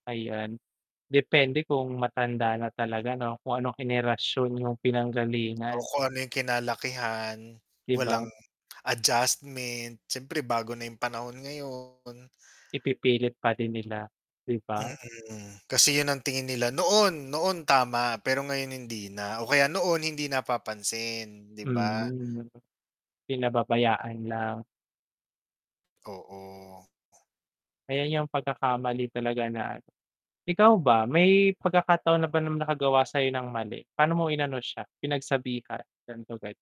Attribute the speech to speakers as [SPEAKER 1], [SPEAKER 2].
[SPEAKER 1] Ayan, depende kung matanda na talaga 'no kung anong henerasyon yung
[SPEAKER 2] Oo,
[SPEAKER 1] pinanggalingan.
[SPEAKER 2] kung ano yung kinalakihan,
[SPEAKER 1] 'Di ba?
[SPEAKER 2] walang adjustment, siyempre bago na yung panahon ngayon
[SPEAKER 1] Ipipilit pa din nila, 'di ba?
[SPEAKER 2] Mm. Kasi yun ang tingin nila noon, noon tama pero ngayon hindi na, o kaya noon hindi napapansin, 'di ba?
[SPEAKER 1] Mhm. Pinababayaan lang.
[SPEAKER 2] Oo.
[SPEAKER 1] Eh, 'yang pagkakamali talaga na ano. Ikaw ba may pagkakataon na ba na nakagawa sayo ng mali, pa'no mo inano siya pinagsabihan? [unintelligible]